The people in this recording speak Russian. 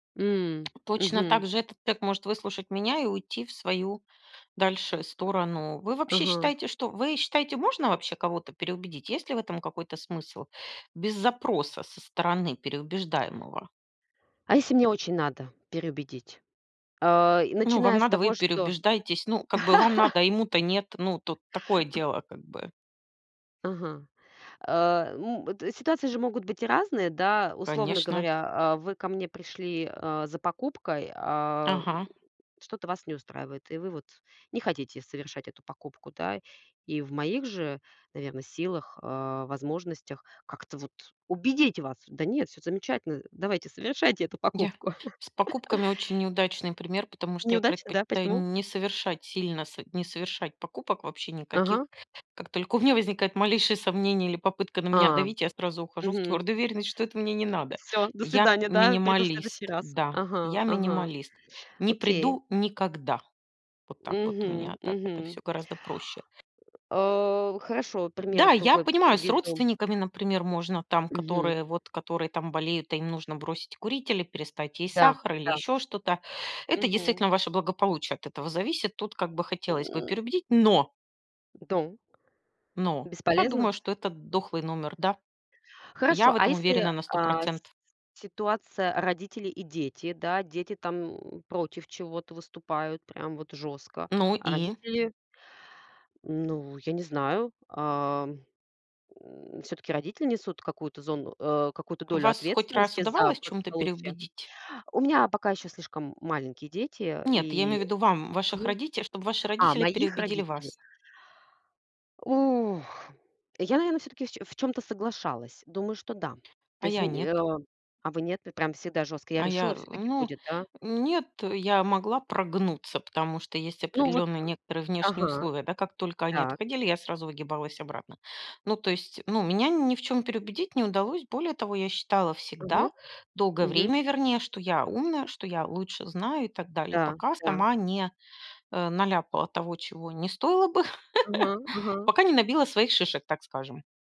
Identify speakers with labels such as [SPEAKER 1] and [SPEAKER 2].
[SPEAKER 1] М,
[SPEAKER 2] Точно
[SPEAKER 1] мгм.
[SPEAKER 2] также этот тег может выслушать меня и уйти в свою дальше сторону. Вы, вообще,
[SPEAKER 1] Ага.
[SPEAKER 2] считаете, что вы считаете, можно вообще кого-то переубедить? Есть ли в этом какой-то смысл, без запроса со стороны переубеждаемого?
[SPEAKER 1] А если мне очень надо переубедить? А, и
[SPEAKER 2] Ну,
[SPEAKER 1] начиная
[SPEAKER 2] вам
[SPEAKER 1] с
[SPEAKER 2] надо, вы и
[SPEAKER 1] того, что
[SPEAKER 2] переубеждаетесь, ну, как бы вам надо, а ему-то нет, ну, тут такое дело, как бы.
[SPEAKER 1] Ага. А, м, это ситуации же могут быть и разные, да. Условно
[SPEAKER 2] Конечно.
[SPEAKER 1] говоря, а вы ко мне пришли, а, за покупкой, ам,
[SPEAKER 2] Ага.
[SPEAKER 1] что-то вас не устраивает, и вы вот не хотите совершать эту покупку, да. И в моих же, наверно, силах, а, возможностях как-то вот убедить вас: "Да нет, всё замечательно, давайте совершайте эту
[SPEAKER 2] Я
[SPEAKER 1] покупку."
[SPEAKER 2] С покупками очень неудачный пример, потому что я
[SPEAKER 1] Неудачно, да?
[SPEAKER 2] предпочитаю
[SPEAKER 1] Почему?
[SPEAKER 2] не совершать сильно, со не совершать покупок вообще
[SPEAKER 1] Ага.
[SPEAKER 2] никаких. Как только у меня возникает малейшие сомнения или попытка на меня
[SPEAKER 1] Ам.
[SPEAKER 2] давить, я сразу ухожу в
[SPEAKER 1] Мгм.
[SPEAKER 2] твердую уверенность, что это мне не надо.
[SPEAKER 1] Всё, до
[SPEAKER 2] Я-
[SPEAKER 1] свидания, да, приду в следующий
[SPEAKER 2] минималист,
[SPEAKER 1] раз.
[SPEAKER 2] да,
[SPEAKER 1] Ага,
[SPEAKER 2] я-
[SPEAKER 1] ага,
[SPEAKER 2] минималист, не
[SPEAKER 1] окей.
[SPEAKER 2] приду никогда. Вот так вот у
[SPEAKER 1] Мгм.
[SPEAKER 2] меня, так это
[SPEAKER 1] Мгм.
[SPEAKER 2] всё гораздо проще.
[SPEAKER 1] А хорошо, пример
[SPEAKER 2] Да, я
[SPEAKER 1] другой
[SPEAKER 2] понимаю, с
[SPEAKER 1] приведу.
[SPEAKER 2] родственниками, например, можно там,
[SPEAKER 1] Мгм.
[SPEAKER 2] которые вот, которые там болеют, и им нужно бросить курить или перестать есть
[SPEAKER 1] Да,
[SPEAKER 2] сахар, или
[SPEAKER 1] да.
[SPEAKER 2] ещё что-то. Это
[SPEAKER 1] Мгм.
[SPEAKER 2] действительно ваше благополучие от этого зависит. Тут как бы хотелось бы
[SPEAKER 1] М.
[SPEAKER 2] переубедить, но.
[SPEAKER 1] В дом?
[SPEAKER 2] Но я
[SPEAKER 1] Бесполезно?
[SPEAKER 2] думаю, что это дохлый номер, да, я
[SPEAKER 1] Хорошо.
[SPEAKER 2] в
[SPEAKER 1] А
[SPEAKER 2] этом
[SPEAKER 1] если,
[SPEAKER 2] уверена на сто
[SPEAKER 1] а, с
[SPEAKER 2] процентов.
[SPEAKER 1] ситуация родители и дети, да? Дети там против чего-то выступают, прям вот жёстко.
[SPEAKER 2] Ну
[SPEAKER 1] А
[SPEAKER 2] и?
[SPEAKER 1] родители Ну, я не знаю. Ам, м, всё-таки родители несут какую-то зону э, какую-то долю
[SPEAKER 2] Вас хоть раз
[SPEAKER 1] ответственности за
[SPEAKER 2] удавалось в чём-то
[SPEAKER 1] благополучие.
[SPEAKER 2] переубедить?
[SPEAKER 1] У меня пока еще слишком маленькие дети
[SPEAKER 2] Нет, я имею
[SPEAKER 1] и
[SPEAKER 2] ввиду вам, ваших
[SPEAKER 1] Мгм.
[SPEAKER 2] родите чтоб ваши
[SPEAKER 1] А,
[SPEAKER 2] родители
[SPEAKER 1] моих
[SPEAKER 2] переубедили
[SPEAKER 1] родителей?
[SPEAKER 2] вас.
[SPEAKER 1] Ух! Я, наверно, всё-таки в чё в чём-то соглашалась. Думаю, что да.
[SPEAKER 2] А
[SPEAKER 1] То есть,
[SPEAKER 2] я
[SPEAKER 1] н э,
[SPEAKER 2] нет.
[SPEAKER 1] а. А вы нет? Пр прям всегда жёстко. Я
[SPEAKER 2] А я,
[SPEAKER 1] решила,
[SPEAKER 2] э,
[SPEAKER 1] всё так и
[SPEAKER 2] ну,
[SPEAKER 1] будет, да?
[SPEAKER 2] нет, э, я могла прогнуться, потому что есть
[SPEAKER 1] Ну, вот
[SPEAKER 2] определенные некоторые внешние
[SPEAKER 1] ага.
[SPEAKER 2] условия, да, как только они
[SPEAKER 1] Так.
[SPEAKER 2] отходили, я сразу выгибалась обратно. Ну, то есть, ну, меня ни в чем переубедить не удалось. Более того, я считала всегда,
[SPEAKER 1] Мгм.
[SPEAKER 2] долгое
[SPEAKER 1] Мгм.
[SPEAKER 2] время, вернее, что я умная, что я лучше знаю и так далее,
[SPEAKER 1] Да.
[SPEAKER 2] пока
[SPEAKER 1] Да.
[SPEAKER 2] сама не, э, наляпала того, чего не стоило бы,
[SPEAKER 1] Ага. Ага.
[SPEAKER 2] пока не набила своих шишек, так скажем.